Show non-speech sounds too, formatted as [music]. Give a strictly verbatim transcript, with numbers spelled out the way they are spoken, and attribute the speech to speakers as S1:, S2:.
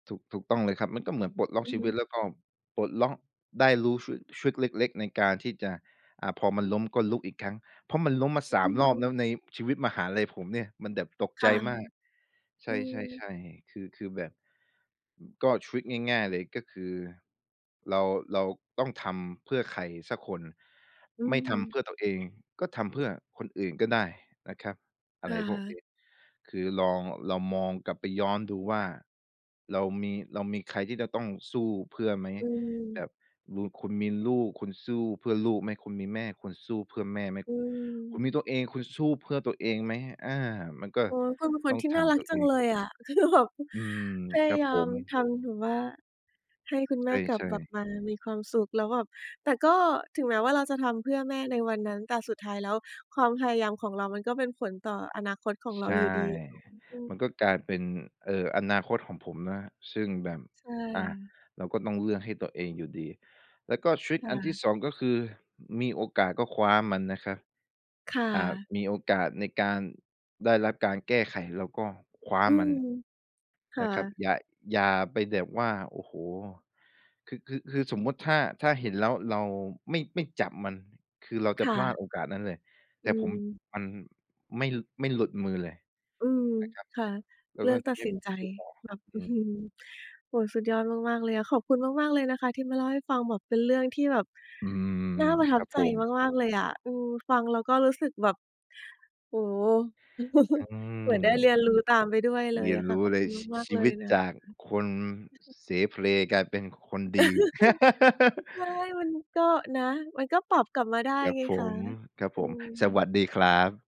S1: ถูก ถูกต้องเลยครับ มันก็เหมือนปลดล็อก
S2: อือ
S1: ชี
S2: ฮ
S1: วิต
S2: ึ
S1: แล้วก็ปลดล็อกได้รู้ทริ ทริกเล็ก ๆ ในการที่จะ อ่า พอมันล้ม ก็ลุกอีกครั้ง เพราะมันล้มมา
S2: อ
S1: สา
S2: อื
S1: ม รอบ
S2: ม
S1: แล้ว ในชีวิตมหาลัยผมเนี่ย มันแบบตก
S2: ค
S1: ใจ
S2: ่ะ
S1: มาก ใช
S2: อืม
S1: ่ ๆ ๆ คือ คือแบบ ก็ทริกง่าย ๆ เลย ก็คือเรา เราต้องทำเพื่อใครสักคน
S2: อื
S1: ไม่ทำเ
S2: ม
S1: พื่อตัวเอง ก็ทำเพื่อคนอื่นก็ได้นะครับ อ
S2: ค
S1: ะไร
S2: ่
S1: พวก
S2: ะ
S1: นี้ คือลอง ลองมองกลับไปย้อนดูว่า เรามี เรามีใครที่จะต้องสู้เพื่อไหม?
S2: อื
S1: แบ
S2: ม
S1: บลูน คุณมีลูก คุณสู้เพื่อลูกไหม? คุณมีแม่ คุณสู้เพื่อแม่ไหม?
S2: อื
S1: คุณ
S2: ม
S1: มีตัวเอง คุณสู้เพื่อตัวเองไหม? อา มันก็
S2: เออ คุณก็เป็นค
S1: ต
S2: น
S1: ้อง
S2: ที่
S1: ถ
S2: น่า
S1: าม
S2: รัก
S1: ตัว
S2: จ
S1: เ
S2: ั
S1: อ
S2: ง
S1: ง
S2: เลยอะ คือแบบ
S1: อืม
S2: พย
S1: ค
S2: า
S1: รับ
S2: ย
S1: ผ
S2: าม
S1: ม
S2: ทำถึงว่า ให้คุณแม่กลั
S1: ใ
S2: บ
S1: ช่
S2: กลับ
S1: ๆ
S2: มามีความสุข แล้วแบบ แต่ก็ถึงแม้ว่าเราจะทำเพื่อแม่ในวันนั้น แต่สุดท้ายแล้วความพยายามของเรา มันก็เป็นผลต่ออนาคตของเร
S1: ใช
S2: า
S1: ่
S2: อยู่ดี
S1: มันก็กล
S2: [unintelligible]
S1: ายเป็น เอ่อ อนาคตของผมนะ ซึ่งแบบ
S2: ใช่
S1: อะ
S2: ค่ะ
S1: เราก็ต้องเลือกให้ตัวเองอยู่ดี แล้วก็ทริก
S2: ค่
S1: อันท
S2: ะ
S1: ี่ สอง ก็คือมีโอกาสก็คว้ามันนะครับ
S2: ค่
S1: อ่า
S2: ะ
S1: มีโอกาสในการได้รับการแก้ไข เราก็คว้า
S2: อื
S1: มัน
S2: ม ค
S1: น
S2: ่
S1: ะ
S2: ะ
S1: ครับ อย่า อย่าไปแบบว่า โอ้โฮ คือ คือ คือสมมุติถ้า ถ้าเห็นแล้ว เราไม่ ไม่จับมัน คือเราจ
S2: ค
S1: ะ
S2: ่
S1: พลา
S2: ะ
S1: ดโอกาสนั้นเลย แ
S2: อ
S1: ต
S2: ื
S1: ่ผม
S2: ม
S1: มันไม่ ล ไม่หลุดมือเลย
S2: อืม
S1: นะครับ
S2: ค่ะ
S1: แล้ว
S2: เลื
S1: ก็
S2: อก
S1: ท
S2: ต
S1: ี
S2: ัด
S1: เนี้
S2: ส
S1: ย
S2: ิน
S1: ผม
S2: ใจ
S1: รู้สึกว่า
S2: แบบ
S1: อ
S2: อ
S1: ื
S2: ื้อฮ
S1: ม
S2: ือ โอ้โฮ สุดยอดมาก ๆ เลยอะ ขอบคุณมาก ๆ เลยนะคะ ที่มาเล่าให้ฟัง แบบเป็นเรื่องที่แบบ
S1: อื
S2: น่
S1: ม
S2: าประท
S1: ค
S2: ับ
S1: รับ
S2: ใ
S1: ผ
S2: จ
S1: ม
S2: มาก ๆ เลยอะ อืม ฟังแล้วก็รู้สึกแบบ โอ้โฮ
S1: อื
S2: [chuckles] เ
S1: ม
S2: หมือนได้เรียนรู้ตามไปด้วยเล
S1: เรี
S2: ย
S1: ยน
S2: อะค
S1: ร
S2: ่ะ
S1: ู้
S2: ขอบ
S1: เล
S2: ค
S1: ย
S2: ุณ
S1: ชี
S2: มา
S1: ช
S2: ก ๆ
S1: ี
S2: เล
S1: ว
S2: ย
S1: ิต
S2: นะ
S1: จา
S2: ค
S1: กคน
S2: ะ
S1: เสเพล กลายเป็นคนดี [laughs]
S2: [laughs] ใช่ มันก็ นะ มันก็ปรับกลับมาได้
S1: ครับ
S2: ไง
S1: ผ
S2: คะ
S1: ม ครับ
S2: อื
S1: ผม สว
S2: ม
S1: ัสดีครับ